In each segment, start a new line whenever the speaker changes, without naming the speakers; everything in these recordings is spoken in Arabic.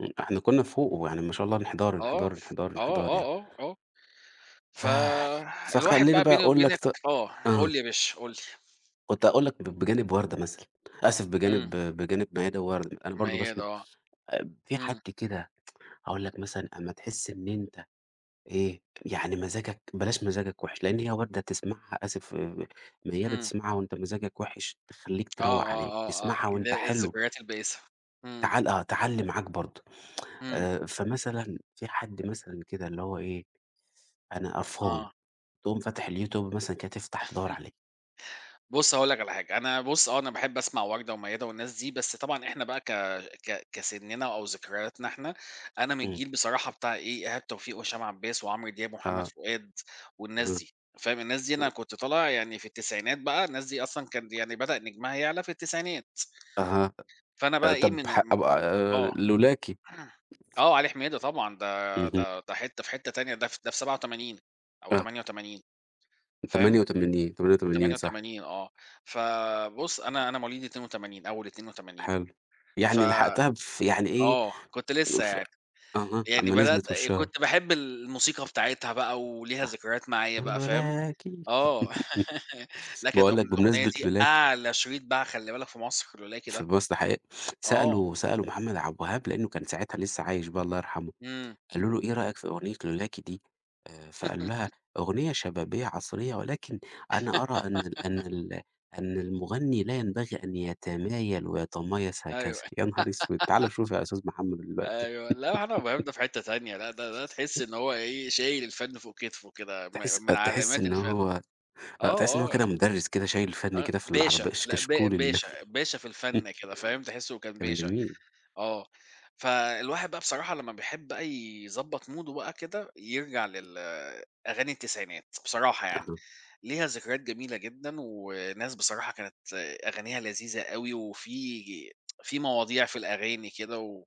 إمم. احنا كنا فوق ويعني ما شاء الله انحدار، انحدار،
آه،
انحدار،
آه،
انحدار،
آه،
يعني.
آه، آه.
ف
ف الواحد
فخلّيني
بقى
بقى
بيني
أقول لك
وبينك
ت
آه،
آه.
قُل لي يا باشا، قُل لي.
كنت هاقول لك ب بجانب وردة، مثلًا آسف بجانب
إمم.
بجانب ميادة ووردة، أنا برضو
ميادة
باسمع
آه.
آب في حد
إمم.
كده، هاقول لك مثلًا أمّا تحس إن أنت إيه، يعني مزاجك بلاش مزاجك وحِش لإن هي وردة تسمعها آسف، ميادة
إمم.
تسمعها وأنت مزاجك وحِش تخليك
آه،
تروّق
آه،
عليك،
آه، آه،
تسمعها
ال
وأنت حلو
الذكريات البائسة. إمم.
تعل آه، تعلّي معاك برضو،
إمم.
آآ فمثلًا في حد مثلًا كده اللي هو إيه، أنا قرفان،
آه.
تقوم فاتح اليوتيوب كده، تفتح تدوّر عليه.
بُص هاقول لك على حاجة، أنا بُص، آه أنا باحب أسمع وردة وميادة والناس دي، بس طبعًا إحنا بقى ك ك كسننا أو ذكرياتنا إحنا، أنا من
إمم.
الجيل بصراحة بتاع إيه، إيهاب توفيق وهشام عباس وعمرو دياب ومحمد
آه.
فؤاد والناس
أها.
دي، فاهم، الناس دي أنا
[unintelligible]
كنت طالع يعني في التسعينات بقى، الناس دي أصلًا كان يعني بدأ نجمها يعلى في التسعينات.
أها،
فأنا
أ آآ،
بقى إيه،
طَب
من
ح
م م آه.
[unintelligible] لولاكِ.
آه، علي حميدة طبعًا، ده
اهم.
ده ده حتّة في حتّة تانية ده ف ده في 87 أو
آه.
88،
من تمانية
فاهم،
وتمانين، 88
تمانية
صح.
وتمانين آه. فبُص أنا أنا مواليد 82، أول 82،
حلو.
ف
يعني لحقتها في يعني إيه،
آه، كنت
آآ،
لسه
ف
يعني،
أها،
يعني
أمّا
بدأت
نزلِت
آآ،
واتشهرت.
كنت باحب الموسيقى بتاعتها بقى وليها
صح.
ذكريات معايا بقى، فاهم،
لولاكِ
آه، لأ كانت
باقول
أغن
لك
الأغنية
بمناسبة
دي
لولاكِ.
أعلى شريط باع خلّي بالك في مصر، لولاكِ
في
ده.
مصر ده حقيقة.
آه.
سألوا سألوا محمد عبد الوهاب لأنه كان ساعتها لسه عايش بقى الله يرحمه،
إمم.
قالوا له: "إيه رأيك في أغنية لولاكِ دي؟" آآ، فقال لها: "أغنية شبابية عصرية، ولكن أنا أرى أن ال أن ال أن المغني لا ينبغي أن يتمايل ويتمايص هكذا."
أيوه.
يا نهار أسوِد! تعالَ شوف يا أستاذ محمد دلوقتي.
أيوه، لأ، محمد عبدالوهاب ده في حتّة تانية، لأ ده ده تحس
أ
إن هو إيه، شايل الفن فوق كتفه كده،
تحس
م
آه،
من
تحس
علامات
إن
الفن.
هو
آه،
آه، تحس إن هو كده
آه.
مُدرس كده شايل الفن
أ
كده في العرب
باشا
كش
لأ ب
كشكول ال
باشا، باشا في الفن كده، فاهم، تحسه كان
كان
باشا،
جميل.
آه. فالواحد بقى بصراحة لما بيحب بقى يضبط موده بقى كده يرجع لل أغاني التسعينات، بصراحة يعني،
أها.
ليها ذكريات جميلة جدًا وناس بصراحة كانت أغانيها لذيذة أوي وفي في مواضيع في الأغاني كده و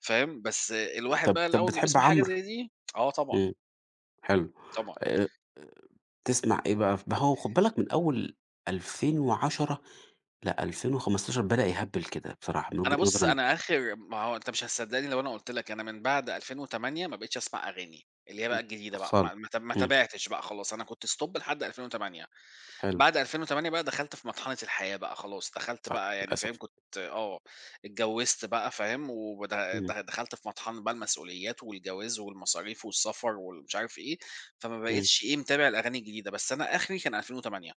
فاهم، بس الواحد
طَب
بقى
طَب
أول ما
بتحب
بيسمع حاجة
عمرو؟
زي دي آه، طبعًا.
إمم. حلو.
طبعًا
آآ، أ تسمع إيه بقى؟ ف ما هو خُد بالك من أول 2010 ل2015 بدأ يهبِّل كده بصراحة، من
أنا
وجهة
بُص
نظري أنا.
أنا آخر ما هو أنت مش هتصدقني لو أنا قُلت لك، أنا من بعد 2008 ما بقيتش أسمع أغاني، اللي هي
امم.
بقى الجديدة بقى،
[unintelligible]
ما ما ت ما
إمم.
تابعتش بقى خلاص، أنا كنت stop لحد 2008.
حلو.
بعد 2008 بقى دخلت في مطحنة الحياة بقى خلاص، دخلت
صح،
بقى يعني
للأسف.
فاهم، كنت آه، اتجوزت بقى فاهم ود د
إمم.
دخلت في مطحنة بقى المسئوليات والجواز والمصاريف والسفر والمش عارف إيه، فما
إمم.
بقيتش إيه متابع الأغاني الجديدة، بس أنا آخري كان 2008.